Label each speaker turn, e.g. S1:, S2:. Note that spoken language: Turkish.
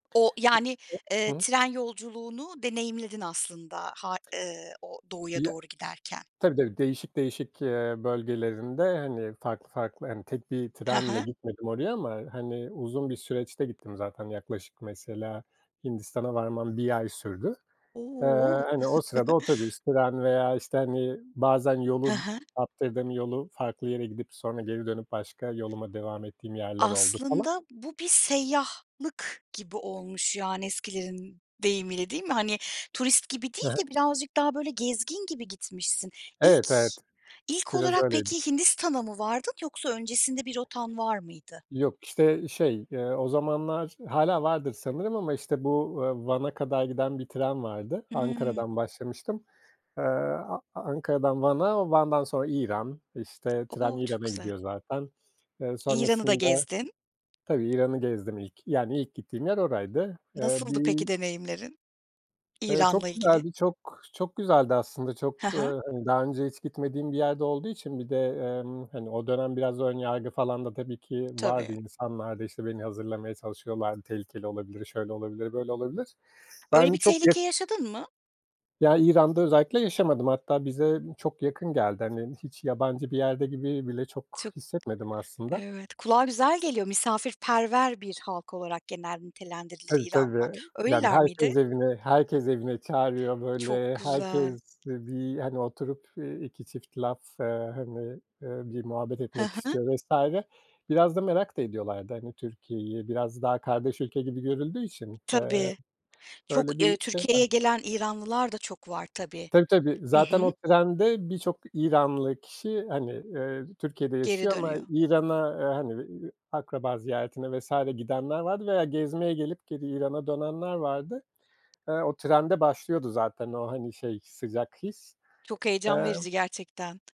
S1: O, yani, eee,
S2: [unintelligible]
S1: tren yolculuğunu deneyimledin aslında ha eee, o doğuya
S2: Ya
S1: doğru giderken.
S2: tabii, tabii. Değişik değişik, eee, bölgelerinde, hani, farklı farklı hani, tek bir
S1: He
S2: trenle
S1: he.
S2: gitmedim oraya ama, hani, uzun bir süreçte gittim zaten. Yaklaşık, mesela, Hindistan'a varmam 1 ay sürdü. Eee,
S1: O!
S2: hani, o sırada otobüs, tren veya, işte, hani, bazen
S1: He
S2: yolu,
S1: he.
S2: [unintelligible] yolu farklı yere gidip sonra geri dönüp başka yoluma devam ettiğim yerler oldu falan.
S1: Aslında bu bir seyyahlık gibi olmuş, yani, eskilerin deyimiyle, değil mi? Hani, turist gibi
S2: He
S1: değil
S2: he.
S1: de birazcık daha böyle gezgin gibi gitmişsin.
S2: Evet,
S1: İlk
S2: evet.
S1: ilk
S2: Biraz
S1: olarak
S2: öyleydi.
S1: peki, Hindistan'a mı vardın yoksa öncesinde bir rotan var mıydı?
S2: Yok, işte, şey, eee, o zamanlar hâlâ vardır sanırım ama, işte, bu, eee, Van'a kadar giden bir tren vardı.
S1: Hımm.
S2: Ankara'dan başlamıştım. Eee, A Ankara'dan Van'a, Van'dan sonra İran, işte, tren
S1: O! Çok
S2: İran'a
S1: güzel.
S2: gidiyor zaten. Eee,
S1: İran'ı da
S2: sonrasında
S1: gezdin.
S2: tabii, İran'ı gezdim ilk. Yani ilk gittiğim yer oraydı. Eee,
S1: Nasıldı peki
S2: bir
S1: deneyimlerin,
S2: Eee, çok
S1: İran'la ilgili?
S2: güzeldi, çok çok güzeldi aslında. Çok,
S1: He he.
S2: hani, daha önce hiç gitmediğim bir yerde olduğu için bir de, emm, hani, o dönem biraz ön yargı falan da tabii ki
S1: Tabii.
S2: vardı insanlarda. İşte, beni hazırlamaya çalışıyorlardı. Tehlikeli olabilir, şöyle olabilir, böyle, olabilir.
S1: Öyle
S2: Ben
S1: bir
S2: çok ya
S1: tehlike yaşadın mı?
S2: Ya, İran'da özellikle yaşamadım. Hatta bize çok yakın geldi. Hani, hiç yabancı bir yerde gibi bile çok
S1: Çok,
S2: hissetmedim aslında.
S1: evet. Kulağa güzel geliyor, misafirperver bir halk olarak genel nitelendirilir
S2: Tabii,
S1: İranlılar.
S2: tabii. Yani,
S1: Öyleler miydi?
S2: herkes evine herkes evine çağırıyor.
S1: Çok
S2: Böyle,
S1: güzel.
S2: herkes bir, hani, oturup 2 çift laf, hani, bir muhabbet
S1: He
S2: etmek
S1: he.
S2: istiyor vs. Biraz da merak da ediyorlardı, hani, Türkiye'yi. Biraz daha kardeş ülke gibi görüldüğü için. Eee,
S1: Tabii.
S2: öyle
S1: Çok, eee,
S2: bir şey var.
S1: Türkiye'ye gelen İranlılar da çok var, tabii.
S2: Tabii, tabii.
S1: Hı
S2: Zaten
S1: hı.
S2: o trende birçok İranlı kişi, hani, eee, Türkiye'de
S1: Geri
S2: yaşıyor ama
S1: dönüyor.
S2: İran'a, hani, akraba ziyaretine vs. gidenler vardı veya gezmeye gelip geri İran'a dönenler vardı. Eee, o trende başlıyordu zaten o, hani, şey sıcak his,
S1: Çok heyecan
S2: eee
S1: verici gerçekten.